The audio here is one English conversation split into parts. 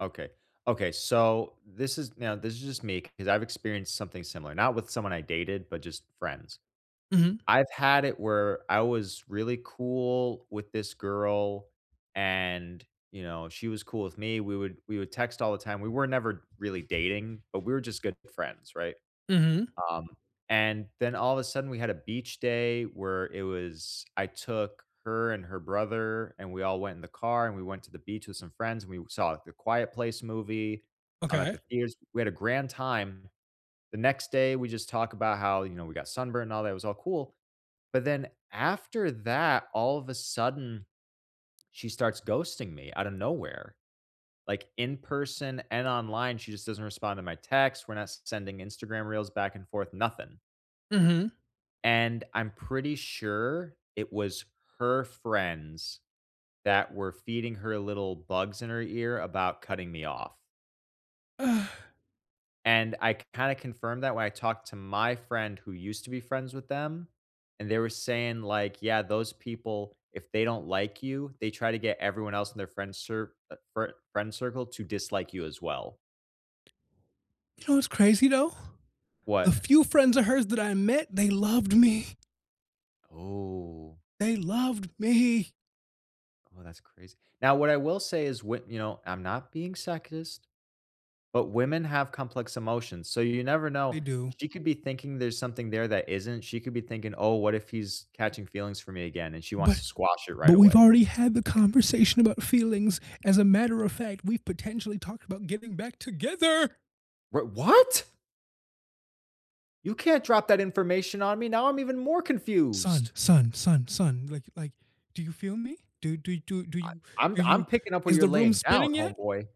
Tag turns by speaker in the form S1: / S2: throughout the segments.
S1: Okay, okay, so this is, now, this is just me 'cause I've experienced something similar, not with someone I dated, but just friends.
S2: Mhm.
S1: I've had it where I was really cool with this girl, and, you know, she was cool with me. We would we would text all the time. We were never really dating, but we were just good friends, right?
S2: Mhm.
S1: Um, and then all of a sudden we had a beach day where it was, I took her and her brother, and we all went in the car, and we went to the beach with some friends, and we saw The Quiet Place movie, I'm at
S2: Okay.
S1: the theaters, we had a grand time. The next day, we just talk about how, you know, we got sunburned and all that, it was all cool. But then after that, all of a sudden, she starts ghosting me out of nowhere, like, in person and online, she just doesn't respond to my texts. We're not sending Instagram reels back and forth, nothing.
S2: Mhm.
S1: And I'm pretty sure it was her friends that were feeding her little bugs in her ear about cutting me off.
S2: Ah.
S1: And I k kinda confirmed that when I talked to my friend who used to be friends with them, and they were saying, like, yeah, those people, if they don't like you, they try to get everyone else in their friend cir uh, fri friend circle to dislike you as well.
S2: You know, it's crazy though? The
S1: What?
S2: few friends of hers that I met, they loved me.
S1: Oh.
S2: They loved me.
S1: Oh, that's crazy. Now, what I will say is what, you know, I'm not being sexist. But, women have complex emotions, so you never
S2: They
S1: know.
S2: do.
S1: She could be thinking there's something there that isn't. She could be thinking, oh, what if he's catching feelings for me again, and she wants
S2: But
S1: to squash it
S2: but,
S1: right
S2: we've
S1: away.
S2: already had the conversation about feelings. As a matter of fact, we've potentially talked about getting back together.
S1: We what? You can't drop that information on me. Now I'm even more
S2: Son,
S1: confused.
S2: son, son, son, like like, do you feel me? Do, do, do, do
S1: I
S2: you,
S1: I'm
S2: do
S1: I'm
S2: you,
S1: picking up where
S2: is
S1: you're
S2: the room
S1: laying down,
S2: spinning yet?
S1: homeboy.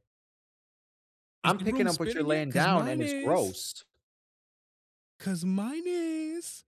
S2: Is
S1: I'm
S2: the
S1: picking
S2: room
S1: up what you're
S2: spinning yet?
S1: laying
S2: 'Cause
S1: down and
S2: mine
S1: it's
S2: is.
S1: gross.
S2: 'Cause mine is